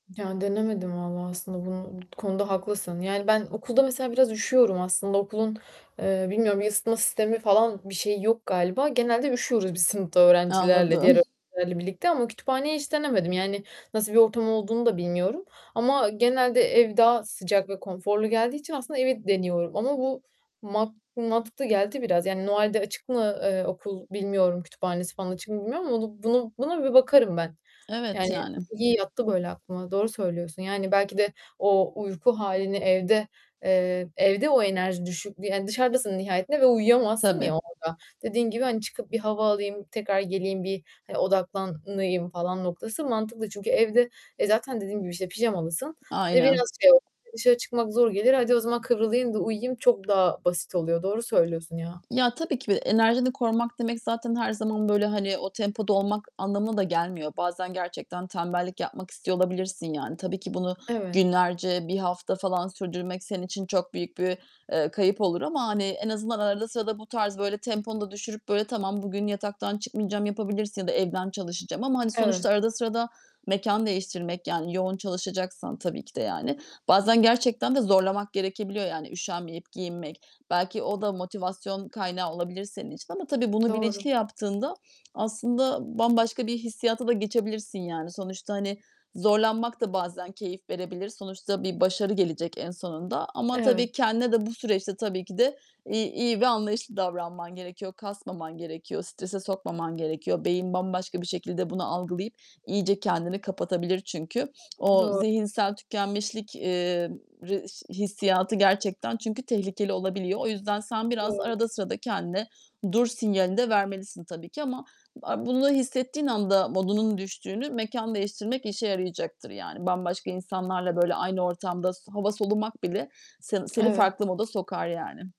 Ya, denemedim vallahi, aslında, bunu, bu konuda haklısın. Yani, ben okulda mesela biraz üşüyorum aslında, okulun, eee, bilmiyorum, ısıtma sistemi falan bir şeyi yok galiba, genelde üşüyoruz biz sınıfta öğrencilerle, diğer Anladım. öğrencilerle birlikte ama kütüphaneyi hiç denemedim. Yani, nasıl bir ortam olduğunu da bilmiyorum ama genelde, ev daha sıcak ve konforlu geldiği için aslında, evi deniyorum ama bu mat mantıklı geldi biraz. Yani, Noel'de açık mı, eee, okul bilmiyorum, kütüphanesi falan açık mı bilmiyorum ama onu bunu buna bir bakarım ben. Evet, Yani, yani. iyi yattı, böyle, aklıma, doğru söylüyorsun. Yani, belki de o, uyku halini evde eee, evde o enerji düşük, yani, dışarıdasın nihayetinde ve uyuyamazsın, ya, Tabii. orada, dediğin gibi, hani, çıkıp bir hava alayım, tekrar geleyim, bir, hani, odaklanayım falan noktası mantıklı çünkü evde, e, zaten dediğim gibi, işte, pijamalısın, e, Aynen. biraz şey [unintelligible] dışarı çıkmak zor gelir. Hadi o zaman kıvrılayım da uyuyayım, çok daha basit oluyor. Doğru söylüyorsun, ya. Ya, tabii ki de enerjini korumak demek zaten her zaman, böyle hani, o tempoda olmak anlamına da gelmiyor. Bazen gerçekten tembellik yapmak istiyor olabilirsin yani. Tabii ki bunu Evet. günlerce, 1 hafta falan sürdürmek, senin için çok büyük bir, eee, kayıp olur ama, hani, en azından arada sırada bu tarz, böyle temponu da düşürüp, böyle, tamam bugün yataktan çıkmayacağım, yapabilirsin ya da evden çalışacağım ama, hani, sonuçta Evet. arada sırada mekân değiştirmek, yani, yoğun çalışacaksan tabii ki de yani, bazen gerçekten de zorlamak gerekebiliyor, yani üşenmeyip giyinmek. Belki o da motivasyon kaynağı olabilir senin için ama tabii, bunu Doğru. bilinçli yaptığında, aslında, bambaşka bir hissiyata da geçebilirsin yani. Sonuçta, hani, zorlanmak da bazen keyif verebilir. Sonuçta bir başarı gelecek en sonunda ama Evet. tabii, kendine de bu süreçte tabii ki de i iyi ve anlayışlı davranman gerekiyor, kasmaman gerekiyor, strese sokmaman gerekiyor. Beyin bambaşka bir şekilde bunu algılayıp, iyice kendini kapatabilir çünkü. O Doğ zihinsel tükenmişlik, eee, r ş hissiyatı gerçekten, çünkü tehlikeli olabiliyor. O yüzden, sen biraz Doğru. arada sırada kendine dur sinyalini de vermelisin tabii ki ama a bunu hissettiğin anda modunun düştüğünü mekân değiştirmek işe yarayacaktır yani. Bambaşka insanlarla, böyle, aynı ortamda s hava solumak bile seni seni Evet. farklı moda sokar yani.